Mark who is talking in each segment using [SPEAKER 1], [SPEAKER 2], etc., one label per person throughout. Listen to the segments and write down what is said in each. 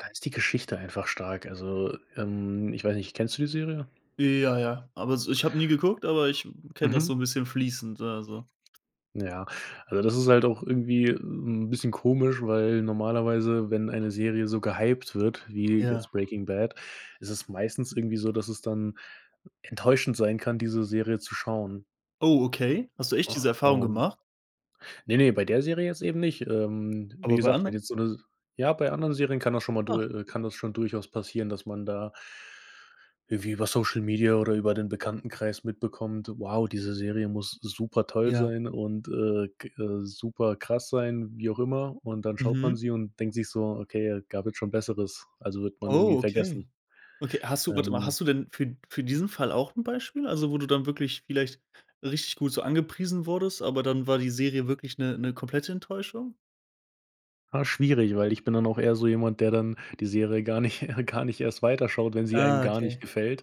[SPEAKER 1] Da ist die Geschichte einfach stark, also, ähm, ich weiß nicht, kennst du die Serie?
[SPEAKER 2] Ja, ja. Aber s ich habe nie geguckt, aber ich kenne das
[SPEAKER 1] Mhm.
[SPEAKER 2] so 'n bisschen fließend so also.
[SPEAKER 1] Ja, also das ist halt auch irgendwie, 'n bisschen komisch, weil normalerweise, wenn eine Serie so gehypt wird wie
[SPEAKER 2] Ja.
[SPEAKER 1] jetzt Breaking Bad, ist es meistens irgendwie so, dass es dann enttäuschend sein kann, diese Serie zu schauen.
[SPEAKER 2] Oh, okay. Hast du echt
[SPEAKER 1] Ach,
[SPEAKER 2] diese Erfahrung
[SPEAKER 1] und
[SPEAKER 2] gemacht?
[SPEAKER 1] ne ne, bei der Serie jetzt eben nicht, ähm, wie
[SPEAKER 2] Aber bei
[SPEAKER 1] gesagt, wenn
[SPEAKER 2] anderen?
[SPEAKER 1] jetzt so 'ne ja, bei anderen Serien kann das schon mal
[SPEAKER 2] Ach!
[SPEAKER 1] dur äh, kann das schon durchaus passieren, dass man da irgendwie über Social Media oder über den Bekanntenkreis mitbekommt, wow, diese Serie muss supertoll
[SPEAKER 2] Ja.
[SPEAKER 1] sein und, äh, g äh, superkrass sein, wie auch immer und dann schaut man
[SPEAKER 2] Mhm.
[SPEAKER 1] sie und denkt sich so: „Okay, gab halt schon Besseres.“ Also, wird man irgendwie
[SPEAKER 2] Oh, okay.
[SPEAKER 1] vergessen.
[SPEAKER 2] Okay, hast du warte mal,
[SPEAKER 1] Ähm
[SPEAKER 2] hast du denn für d für diesen Fall auch 'n Beispiel? Also, wo du dann wirklich vielleicht richtig gut so angepriesen wurdest, aber dann war die Serie wirklich 'ne 'ne komplette Enttäuschung?
[SPEAKER 1] Ah, schwierig, weil ich bin dann auch eher so jemand, der dann die Serie gar nicht gar nicht erst weiter schaut, wenn sie einem
[SPEAKER 2] Ah,
[SPEAKER 1] gar nicht
[SPEAKER 2] okay.
[SPEAKER 1] gefällt.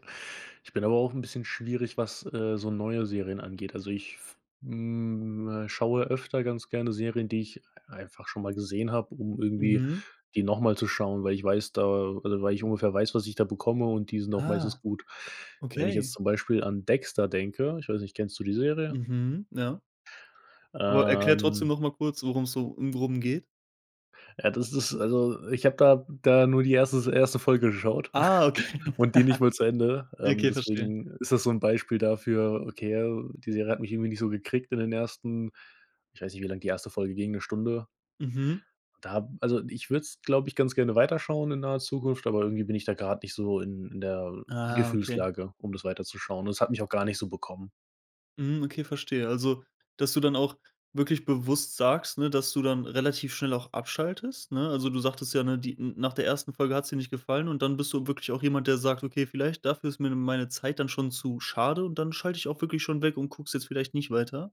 [SPEAKER 1] Ich bin aber auch 'n bisschen schwierig, was, äh, so neue Serien angeht. Also ich f hm, äh, schaue öfter ganz gerne Serien, die ich einfach schon mal gesehen habe, um irgendwie
[SPEAKER 2] Mhm.
[SPEAKER 1] die noch mal zu schauen, weil ich weiß da oder weil ich ungefähr weiß, was ich da bekomme und die sind auch meistens
[SPEAKER 2] Ah.
[SPEAKER 1] gut. Wenn ich jetzt
[SPEAKER 2] Okay.
[SPEAKER 1] zum Beispiel an Dexter denke ich weiß nicht, kennst du die Serie?
[SPEAKER 2] Mhm, ja. Aber erkläre trotzdem
[SPEAKER 1] Ähm
[SPEAKER 2] noch mal kurz, worum's so im Groben geht.
[SPEAKER 1] Ja, das ist also, ich habe da da nur die 1. s 1. Folge geschaut
[SPEAKER 2] Ah, okay.
[SPEAKER 1] und die nicht mal zu Ende, ähm,
[SPEAKER 2] Okay, verstehe.
[SPEAKER 1] deswegen ist das so 'n Beispiel dafür, okay, al die Serie hat mich irgendwie nicht so gekriegt in den ersten ich weiß nicht, wie lang die 1. Folge ging, 'ne Stunde?
[SPEAKER 2] Mhm.
[SPEAKER 1] Da also, ich würde es, glaube ich, ganz gerne weiterschauen in naher Zukunft, aber irgendwie bin ich da grade nicht so in in der
[SPEAKER 2] Ah, okay.
[SPEAKER 1] Gefühlslage, um das weiterzuschauen und das hat mich auch gar nicht so bekommen.
[SPEAKER 2] Mhm, okay verstehe, also dass du dann auch wirklich bewusst sagst, ne, dass du dann relativ schnell auch abschaltest, ne? Also, du sagtest ja, ne, die n nach der 1. Folge hat's dir nicht gefallen und dann bist du wirklich auch jemand, der sagt: „Okay, vielleicht dafür ist mir meine Zeit dann schon zu schade und dann schalte ich auch wirklich schon weg und gucke es jetzt vielleicht nicht weiter?“